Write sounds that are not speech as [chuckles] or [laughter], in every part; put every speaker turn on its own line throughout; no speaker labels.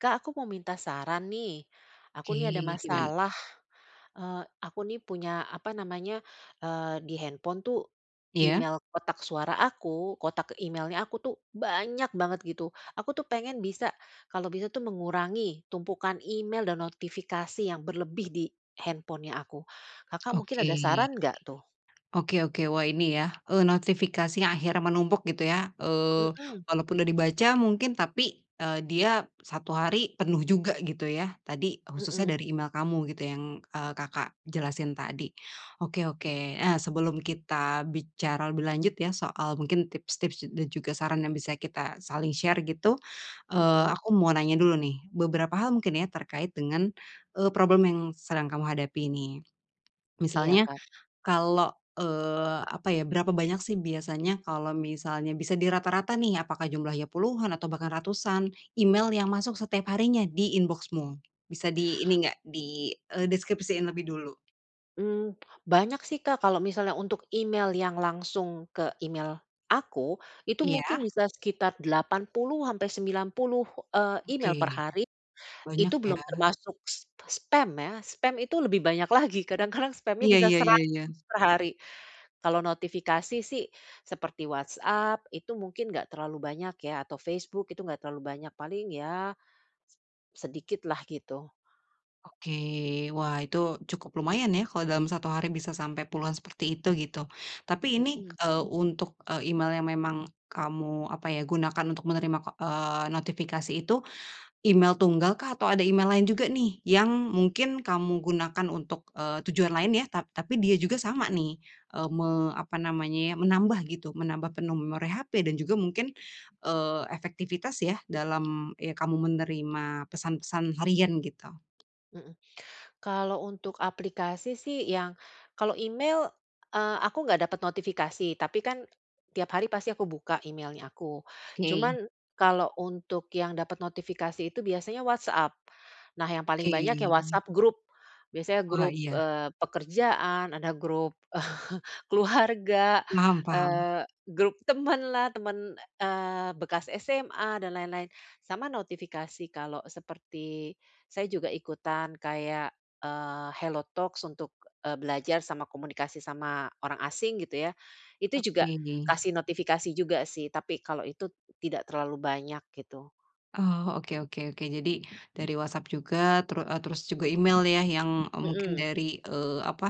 Kak, aku mau minta saran, nih, aku, nih, ada
Oke, gimana?
masalah, eee, aku, nih, punya apa namanya, eee, di handphone, tuh,
Iya.
email kotak suara aku, kotak email-nya aku, tuh, banyak banget gitu. Aku, tuh, pengen bisa, kalau bisa, tuh, mengurangi tumpukan email dan notifikasi yang berlebih di handphone-nya aku. Kakak mungkin ada
Oke.
saran nggak, tuh?
Oke oke, wah ini, ya, eee, notifikasi yang akhirnya menumpuk gitu, ya. Eee,
Mhm.
walaupun udah dibaca mungkin, tapi, eee, dia 1 hari penuh juga gitu, ya. Tadi khususnya
Mhm.
dari email kamu gitu yang, eee, Kakak jelasin tadi. Oke oke, eee, sebelum kita bicara lebih lanjut, ya, soal mungkin tips-tips da dan juga saran yang bisa kita saling share gitu, eee,
Mhm.
aku mau nanya dulu, nih, beberapa hal mungkin, ya, terkait dengan, eee, problem yang sedang kamu hadapi ini.
Iya
Misalnya,
kan?
kalau, eee, apa, ya, berapa banyak, sih, biasanya kalau misalnya bisa dirata-rata nih, apakah jumlahnya puluhan, atau bahkan ratusan, email yang masuk setiap harinya di inbox-mu? Bisa di ini enggak di, eee, deskripsiin lebih dulu.
Mmm, banyak sih Kak, kalau misalnya untuk email yang langsung ke email aku, itu mungkin
Iya.
bisa sekitar 80 sampe 90, eee,
Oke,
email perhari.
banyak
Itu
ya.
belum termasuk spa spam ya, spam itu lebih banyak lagi, kadang-kadang spamnya
Iya
bisa
ya ya
100
ya.
perhari. Kalau notifikasi sih, seperti WhatsApp itu mungkin nggak terlalu banyak ya, atau Facebook itu nggak terlalu banyak, paling ya, se sedikit lah gitu.
Oke, wah itu, cukup lumayan ya kalau dalam 1 hari bisa sampai puluhan seperti itu, gitu. Tapi ini,
Mhm.
eee, untuk e email yang memang kamu, apa ya, gunakan untuk menerima, ko eee, notifikasi itu, email tunggal kah? Atau ada email lain juga nih, yang mungkin kamu gunakan untuk, eee, tujuan lain ya, tap tapi dia juga sama nih, eee, me apa namanya ya, menambah gitu menambah penuh memori HP, dan juga mungkin, eee, efektivitas ya dalam, ya kamu menerima pesan-pesan harian gitu.
Mhm, kalau untuk aplikasi sih yang kalau email, eee, aku nggak dapat notifikasi, tapi kan, tiap hari pasti aku buka email-nya aku.
Oke,
Cuman, kalau untuk yang dapat notifikasi itu biasanya WhatsApp. Nah yang paling
Oke.
banyak ya WhatsApp grup, biasanya
Wah,
grup,
iya.
eee, pekerjaan, ada grup [chuckles] keluarga,
Paham paham.
eee, grup teman lah, teman, eee, bekas SMA dan lain-lain. Sama notifikasi kalau seperti saya juga ikutan kayak, eee, Hello Talks untuk, eee, belajar sama komunikasi sama orang asing gitu ya, itu juga
Oke, deh.
kasih notifikasi juga sih, tapi kalau itu, tidak terlalu banyak gitu.
Oh, oke oke oke. Jadi dari WhatsApp juga, teru eee, terus juga email ya, yang e mungkin
Mhm.
dari, eee, apa,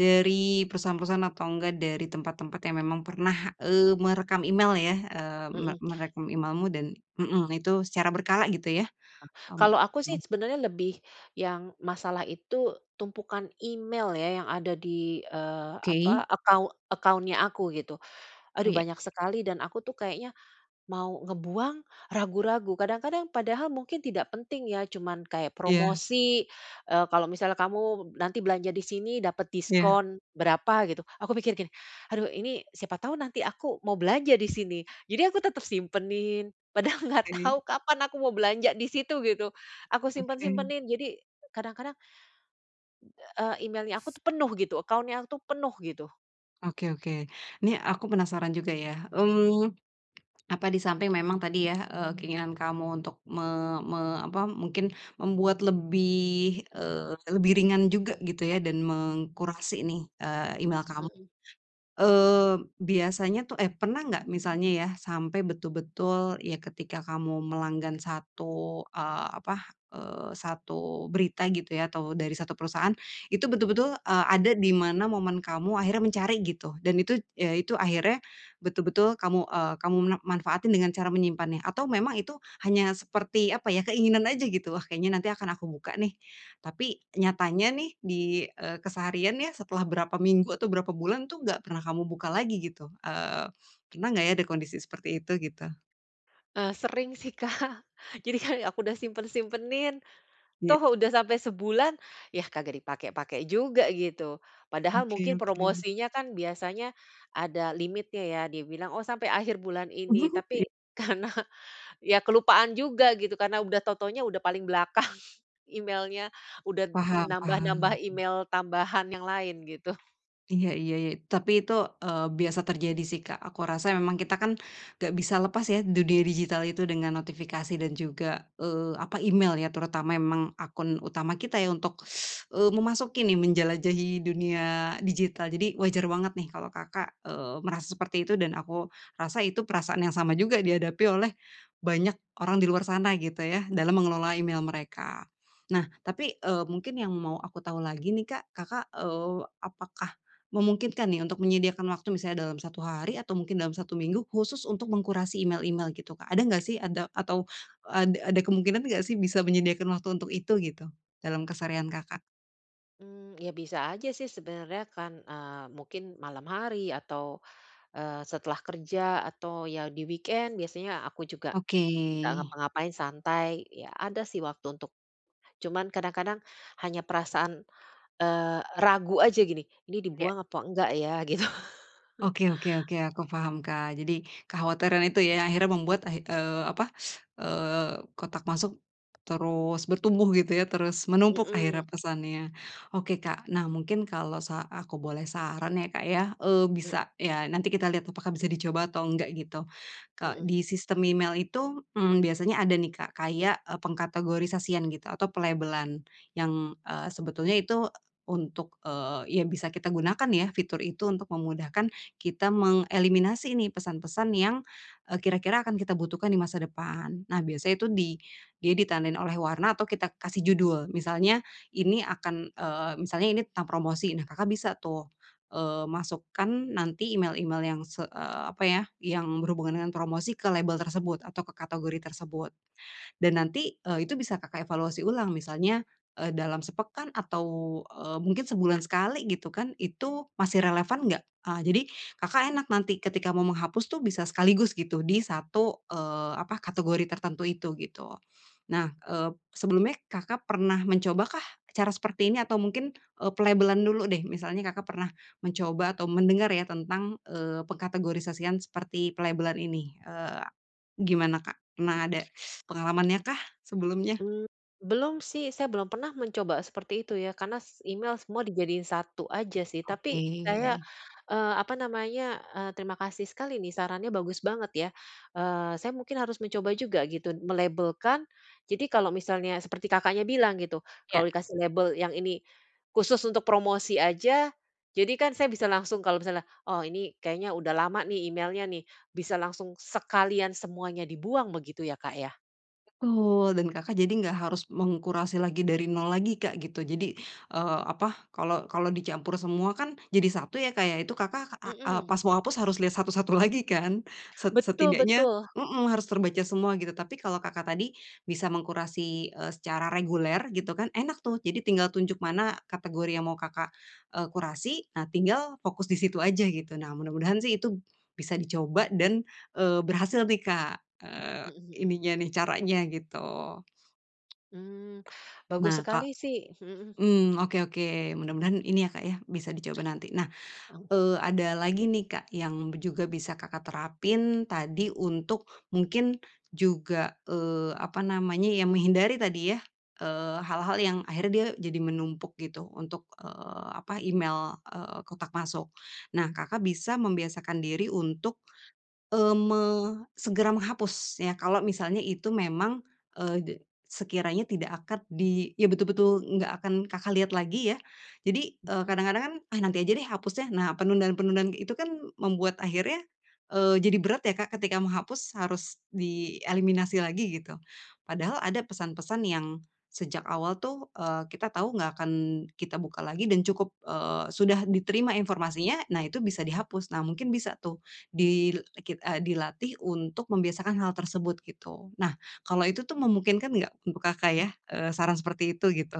dari perusahaan-perusahaan atau enggak dari tempat-tempat yang memang pernah, eee, merekam email ya, eee, me
Mhm.
merekam email-mu dan mhm, itu secara berkala gitu ya. Mmm,
Kalau aku sih
mhm.
sebenarnya lebih, yang masalah itu tumpukan email ya, yang ada di, eee,
Oke.
apa, account account-nya aku gitu.
Oh,
Aduh
ya.
banyak sekali dan aku tuh kayaknya, mau ngebuang, ragu-ragu. Kadang-kadang padahal mungkin tidak penting ya, cuman kayak
Iya.
promosi, eee, kalau misalnya kamu nanti belanja di sini dapat
Iya.
diskon, berapa gitu. Aku pikir gini, "Aduh ini, siapa tahu nanti aku mau belanja di sini," jadi aku tetap simpenin, padahal nggak
Tanyain.
tahu kapan aku mau belanja di situ, gitu. Aku
Oke.
simpen-simpenin jadi kadang-kadang eee, email-nya aku tuh penuh gitu, account-nya aku tuh penuh gitu.
Oke, oke, nih aku penasaran juga ya, mmm, apa di samping memang tadi ya, eee, keinginan kamu untuk me me apa mungkin membuat lebih, eee, lebih ringan juga gitu ya, dan mengkurasi nih, eee, email kamu.
Mhm.
Eee, biasanya tuh eh, pernah enggak misalnya ya sampai betul-betul, ya ketika kamu melanggan satu, eee, apa, eee, satu berita gitu ya, atau dari satu perusahaan, itu betul-betul, eee, ada di mana momen kamu akhirnya mencari gitu, dan itu ya, itu akhirnya betul-betul kamu, eee, kamu mena manfaatin dengan cara menyimpannya, atau memang itu hanya seperti apa ya, keinginan aja gitu? Wah, kayaknya nanti akan aku buka nih, tapi nyatanya nih di, eee, keseharian ya, setelah berapa minggu atau berapa bulan itu enggak pernah kamu buka lagi gitu. Eee, pernah enggak ya di kondisi seperti itu gitu?
Eee, sering sih, Kak. Jadi kan [chuckles] aku udah simpen-simpenin,
Iya.
toh udah sampai sebulan ya, kagak dipakai-pakai juga gitu. Padahal
Oke
mungkin
oke.
promosinya kan biasanya ada limitnya, ya dia bilang, "Oh sampai akhir bulan ini,"
[laughs] Iya.
tapi karena ya kelupaan juga gitu, karena udah tau-taunya udah paling belakang emailnya, udah n
Paham-paham.
nambah-nambah
Mhm.
email tambahan yang lain gitu.
Iya iya iya, tapi itu, eee, biasa terjadi sih, Kak. Aku rasa memang kita kan, enggak bisa lepas ya dunia digital itu dengan notifikasi dan juga, eee, apa, email ya. Terutama memang akun utama kita ya untuk, [sucks teeth] eee, memasuki nih menjelajahi dunia digital. Jadi wajar banget nih kalau Kakak, eee, merasa seperti itu, dan aku rasa itu perasaan yang sama juga dihadapi oleh banyak orang di luar sana, gitu ya, dalam mengelola
Heeh.
email mereka. Nah, tapi, eee, mungkin yang mau aku tahu lagi nih, Kak. Kakak, eee, apakah memungkinkan nih untuk menyediakan waktu, misalnya dalam 1 hari atau mungkin dalam 1 minggu, khusus untuk mengkurasi email-email, gitu, Kak? Ada enggak sih ada atau ad ada kemungkinan enggak sih bisa menyediakan waktu untuk itu, gitu? Dalam keseharian Kakak.
Mmm, ya bisa aja sih, sebenarnya kan, eee, mungkin malam hari atau, eee, setelah kerja, atau ya di weekend biasanya aku juga
Oke.
enggak ngapa-ngapain, santai. Ya, ada sih waktu untuk cuman kadang-kadang hanya perasaan, eee, ragu aja, gini, "Ini
Iya.
dibuang apa enggak ya?" Gitu. [chuckles]
Oke oke oke, aku paham, Kak. Jadi kekhawatiran itu ya yang akhirnya membuat ah eee, apa, eee, kotak masuk terus bertumbuh, gitu ya, terus menumpuk akhirnya
Mhm.
pesannya. Oke, Kak. Nah, mungkin kalau sa aku boleh saran ya, Kak, ya, eee,
M
bisa ya nanti kita lihat apakah bisa dicoba atau enggak, gitu. Ko
Mhm.
di sistem email itu, mmm, biasanya ada nih, Kak, kayak, e pengkategorisasian gitu atau pelabelan yang, eee, sebetulnya itu untuk, eee, ya bisa kita gunakan ya fitur itu untuk memudahkan kita mengeliminasi nih pesan-pesan yang, eee, kira-kira akan kita butuhkan di masa depan. Nah, biasanya itu, dia ditandain oleh warna atau kita kasih judul. Misalnya ini akan, eee, misalnya ini tentang promosi. Nah, Kakak bisa tuh, eee, masukkan nanti email-email yang se eee, apa ya, yang berhubungan dengan promosi ke label tersebut atau ke kategori tersebut. Dan nanti, eee, itu bisa, Kakak evaluasi ulang, misalnya, eee, dalam sepekan atau, eee, mungkin sebulan sekali, gitu kan, itu masih relevan enggak? Eee, jadi Kakak enak nanti ketika mau menghapus tu bisa sekaligus, gitu, di satu, eee, apa, kategori tertentu itu, gitu. Nah, eee, sebelumnya, Kakak pernah mencoba kah cara seperti ini? Atau mungkin, eee, pelabelan dulu deh. Misalnya Kakak pernah mencoba atau mendengar ya tentang, eee, pengkategorisasian seperti pelabelan ini, eee, gimana, Kak? Pernah ada
Mmm.
[sucks teeth] pengalamannya kah sebelumnya?
Mmm, belum sih. Saya belum pernah mencoba seperti itu ya, karena s email semua dijadiin satu aja sih. Tapi
Oke.
saya, eee, apa namanya, eee, terima kasih sekali nih, sarannya bagus banget ya. Eee, saya mungkin harus mencoba juga, gitu, melabelkan. Jadi kalau misalnya seperti Kakaknya bilang, gitu,
Iya.
kalau dikasih label yang ini khusus untuk promosi aja, jadi kan saya bisa langsung kalau misalnya, "oh, ini kayaknya udah lama nih emailnya, nih." Bisa langsung sekalian semuanya dibuang, begitu ya, Kak ya?
Betul, dan Kakak jadi enggak harus mengkurasi lagi dari nol lagi, Kak, gitu. Jadi, eee, apa, kalau kalau dicampur semua kan jadi satu ya, Kak, ya, itu Kakak ak eee,
Mhm.
pas mau hapus harus lihat satu-satu lagi kan? Set
Betul
setidaknya,
betul.
mmm, harus terbaca semua gitu. Tapi kalau Kakak tadi bisa mengkurasi, eee, secara reguler, gitu kan, enak tuh. Jadi tinggal tunjuk mana kategori yang mau Kakak, eee, kurasi. Nah, tinggal fokus di situ aja gitu. Nah, mudah-mudahan sih itu bisa dicoba dan, eee, berhasil nih Kak, eee,
Mhm mhm.
ininya nih caranya gitu.
Mmm. Bagus
Nah, Kak
sekali sih. Mhm.
mmm, oke oke, mudah-mudahan ini ya, Kak, ya bisa dicoba nanti. Nah,
Oh.
eee, ada lagi nih, Kak, yang b juga bisa Kakak terapin tadi untuk mungkin juga, eee, apa namanya, ya menghindari tadi ya, eee, hal-hal yang akhirnya dia jadi menumpuk gitu untuk, eee, apa, email, eee, kotak masuk. Nah, Kakak bisa membiasakan diri untuk, eee, me segera menghapus ya. Kalau misalnya itu memang, eee, de sekiranya tidak akad di ya betul-betul enggak akan Kakak lihat lagi ya. Jadi, eee,
Heeh.
kadang-kadang kan, "Ah, nanti aja deh hapusnya." Nah, penundaan-penundaan kayak itu kan membuat akhirnya, eee, jadi berat ya, Kak, ketika menghapus harus di eliminasi lagi gitu. Padahal ada pesan-pesan yang sejak awal tuh, eee, kita tahu enggak akan kita buka lagi dan cukup, eee, sudah diterima informasinya. Nah, itu bisa dihapus. Nah, mungkin bisa tuh dil e kit eee, dilatih untuk membiasakan hal tersebut gitu. Nah, kalau itu tuh memungkinkan enggak untuk Kakak ya? Eee, saran seperti itu, gitu.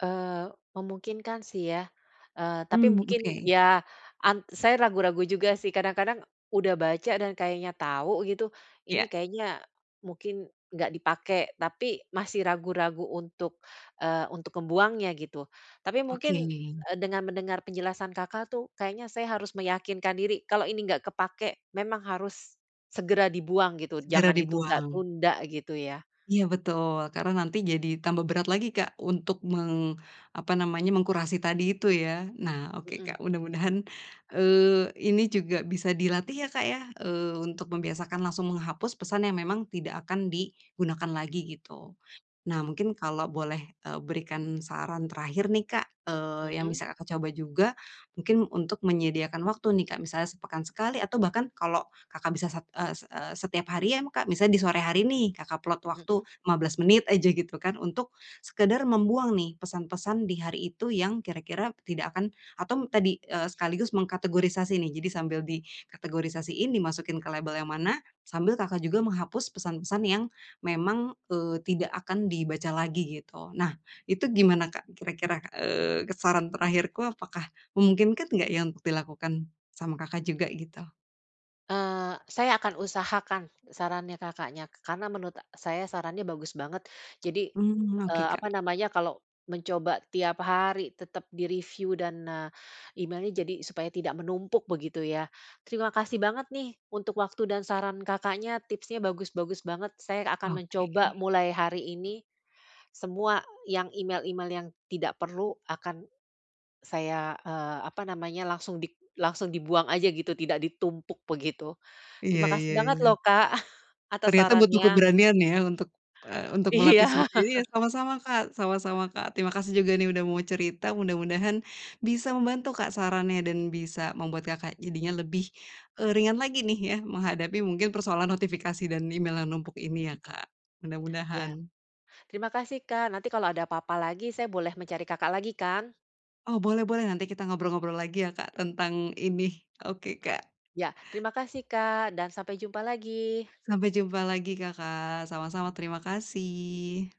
Eee, memungkinkan sih ya, eee, tapi
Mmm,
mungkin
oke.
ya an saya ragu-ragu juga sih, kadang-kadang, udah baca dan kayaknya tau gitu, ini
Iya.
kayaknya mungkin nggak dipakai, tapi masih ragu-ragu untuk, eee, untuk ngebuangnya gitu. Tapi mungkin,
Oke.
e dengan mendengar penjelasan Kakak tuh, kayaknya saya harus meyakinkan diri. Kalau ini nggak kepakai, memang harus segera dibuang gitu.
Segera
Jangan
dibuang.
ditunda-tunda gitu ya.
Iya betul, karena nanti jadi tambah berat lagi Kak, untuk meng apa namanya, mengkurasi tadi itu ya. Nah oke
Hmm.
Kak, mudah-mudahan, eee, ini juga bisa dilatih ya Kak ya, eee, untuk membiasakan langsung menghapus pesan yang memang tidak akan digunakan lagi gitu. Nah mungkin kalau boleh, eee, berikan saran terakhir nih Kak, eee, yang
Hmm.
bisa Kakak coba juga, mungkin untuk menyediakan waktu nih Kak. Misalnya sepekan sekali, atau bahkan kalau Kakak bisa sat e set e setiap hari ya ma Kak, misalnya di sore hari nih, Kakak plot waktu
Hmm.
15 menit aja, gitu kan. Untuk, sekedar membuang nih, pesan-pesan di hari itu yang kira-kira tidak akan atau tadi, eee, sekaligus mengkategorisasi nih. Jadi sambil dikategorisasiin, dimasukin ke label yang mana, sambil Kakak juga menghapus pesan-pesan yang memang, eee, tidak akan dibaca lagi gitu. Nah, itu gimana Kak kira-kira, eee, saran terakhirku apakah memungkinkan nggak ya, untuk dilakukan, sama Kakak juga gitu.
Eee, saya akan usahakan sarannya Kakaknya, karena menurut e saya sarannya bagus banget. Jadi,
Mmm, oke
eee, apa
Kak.
namanya, kalau mencoba setiap hari tetap di-review dan, eee, email-nya jadi supaya tidak menumpuk begitu, ya. Terima kasih banget, nih, untuk waktu dan saran Kakaknya, tipsnya bagus-bagus banget. Saya akan mencoba,
Oke.
mulai hari ini, semua yang email-email yang tidak perlu akan saya, eee, apa namanya langsung dik langsung dibuang aja begitu, tidak ditumpuk begitu.
Iya
Terima kasih
iya
banget
iya.
loh Kak, [chuckles] atas
Ternyata butuh
sarannya.
keberanian, ya, untuk, eee, untuk melatih
Iya.
seperti
[laughs]
iya, sama-sama Kak, sama-sama Kak. Terima kasih juga, nih, udah mau cerita, mudah-mudahan bisa membantu Kak, sarannya dan bisa membuat Kakak jadinya lebih, eee, ringan lagi, nih, ya, menghadapi mungkin persoalan notifikasi dan email yang numpuk ini, ya, Kak,
Iya.
mudah-mudahan.
Terima kasih Kak. Nanti kalau ada apa-apa lagi saya boleh mencari Kakak lagi, kan?
Oh, boleh-boleh nanti kita ngobrol-ngobrol lagi, ya, Kak, tentang ini. Oke Kak.
Iya. Terima kasih Kak, dan sampai jumpa lagi.
Sampai jumpa lagi Kakak. Sama-sama, terima kasih.